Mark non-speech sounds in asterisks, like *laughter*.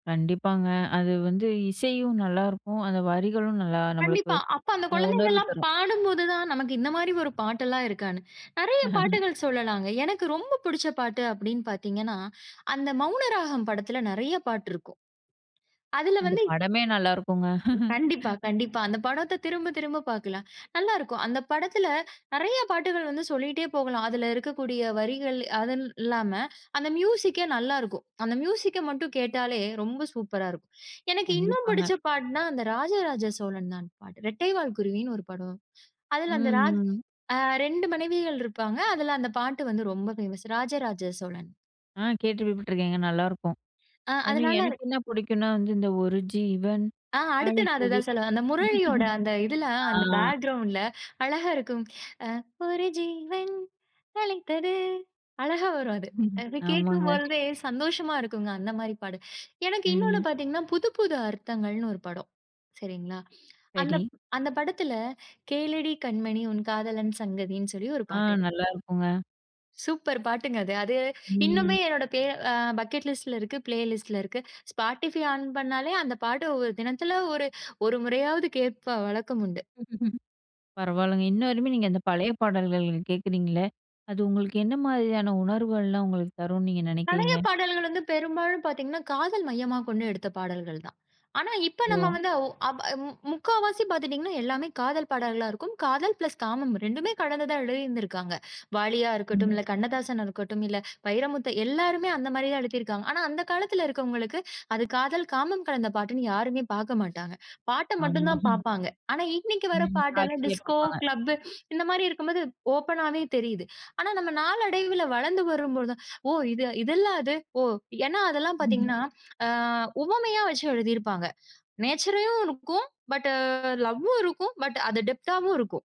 கண்டிப்பாங்க. அது வந்து இசையும் நல்லாருக்கும். அந்த வரிகளும் நல்லா நம்மளுக்கு, கண்டிப்பா. அப்ப அந்தக் அ உணர்வு குழந்தைங்கல்லாம் தரும். பாடும்போது தான், நமக்கு இந்த மாரி ஒரு பாட்டெல்லாம் இருக்கான்னு. நிறைய *laughs* பாட்டுகள் சொல்லலாங்க. எனக்கு ரொம்ப பிடிச்ச பாட்டு அப்டின்னு பாத்தீங்கன்னா, அந்த மௌனராகம் படத்துல நிறைய பாட்டு இருக்கும். அதுல வந்து அந்தப் படமே நல்லாருக்குங்க. கண்டிப்பா, *laughs* கண்டிப்பா. அந்தப் படத்த திரும்பத் திரும்பப் பாக்கலாம். நல்லாருக்கும். அந்தப் படத்துல நிறைய பாட்டுகள் வந்து சொல்லிட்டே போகலாம். அதுல இருக்கக்கூடிய வரிகள் அதுனு இல்லாம அந்த மியூசிக்கே நல்லா இருக்கும். அந்த மியூசிக்க மட்டும் கேட்டாலே, ரொம்ப சூப்பரா இருக்கும். எனக்கு இன்னும் கண்டிப்பாங்க. புடிச்ச பாட்டுனா அந்த ராஜா ராஜா சோழன் தான் பாட்டு. ரெட்டை வால் குருவினு ஒரு படம். அதுல அந்த ம், ராஜ ம். அ 2 மனைவிகள் இருப்பாங்க. அதுல அந்தப் பாட்டு வந்து ரொம்ப ஃபேமஸ். ராஜா ராஜா சோழன். ஆ. கேள்விப்பட்ருக்கேங்க. நல்லாருக்கும். அ அதுமாரி அதுனால. எனக்கு என்ன பிடிக்கும்னா வந்து, இந்த ஒரு ஜீவன் ஆ. அடுத்து நான் அத அழைக்குது. தான் சொல்ல வந்தேன். அந்த முரளியோட அந்த இதுல *laughs* ஆ. அந்த பேக்கிரவுண்டுல அழகா இருக்கும். அ ஒரு ஜீவன் அழைத்தது. அழகா வரும் அது. *laughs* அதுலா ஆமாங்க. கேட்கும்போழ்தே சந்தோஷமா இருக்குங்க, அந்த மாரி பாட்டு. எனக்கு இன்னொன்னு ம். பாத்தீங்கன்னா, புது புது அர்த்தங்கள்னு ஒரு படம். சரிங்களா, சரி. அந்தப், அந்தப் படத்துல கேளடி கண்மணி. உன் காதலன் சங்கதினு சொல்லி ஒரு ஆ. பாட்டு. நல்லாருக்கும்ங்க. சூப்பர் பாட்டுங்க அது. அது இன்னுமே ம். என்னோட பிளே அ பக்கெட் லிஸ்ட்ல இருக்கு. பிளே லிஸ்ட்ல இருக்கு. ஸ்பாட்டிஃபை ஆன் பண்ணாலே, அந்தப் பாட்டு ஒவ்வொரு தினத்துல ஒரு 1 முறையாவது கேட்கிற வழக்கம் உண்டு. *laughs* பரவால்லங்க. இன்னவரையுமே நீங்க அந்தப் பழைய பாடல்கள் கேட்குறீங்கள்ல, அது உங்களுக்கு என்ன மாதிரியான உணர்வுகள்லாம் உங்களுக்குத் தரும்னு நீங்க பழைய நினைக்கிறீங்க? பாடல்கள் வந்து பெரும்பாலும் பாத்தீங்கன்னா, காதல் மையமா கொண்டு எடுத்த பாடல்கள் தான். ஆனா, இப்ப ஓ! நம்ம வந்து ஓ ஆப் மு முக்காவாசி பாத்துட்டீங்கன்னா, எல்லாமே காதல் பாடல்களா இருக்கும். காதல் பிளஸ் காமம் 2மே கலந்துதா எழுதிருந்திருக்காங்க. வாலியா ம். இருக்கட்டும், இல்ல கண்ணதாசனா இருக்கட்டும், இல்ல, வைரமுத்து. எல்லாருமே அந்த மாதிரி எழுதி இருக்காங்க. ஆனா, அந்தக் காலத்துல இருக்குறவங்களுக்கு, அது காதல், காமம் கலந்த பாட்டுன்னு யாருமே பார்க்கமாட்டாங்க. பாட்டு மட்டும் ஆமா. தான் *laughs* பார்ப்பாங்க. ஆனா, இன்னைக்கு வரப் ம். பாட்டு எல்லாம் காட்சிய டிஸ்கோ, பாப்பாங்க. கிளப்பு இந்த மாதிரி இருக்கும்போது ஓப்பனாவே தெரியுது. ஆனா, நாம நாள் அடைவுல வளர்ந்து வரும் போழுது, ஓ இது இதுல்ல அது. ஓ ஏன்னா அதெல்லாம் *laughs* பாத்தீங்கன்னா, அ உவமையா வச்சு எழுதி இருப்பாங்க. நேச்சரையும் இருக்கும். பட்டு லவ்வும் இருக்கும். பட் அது டெப்த்தாவும் இருக்கும்.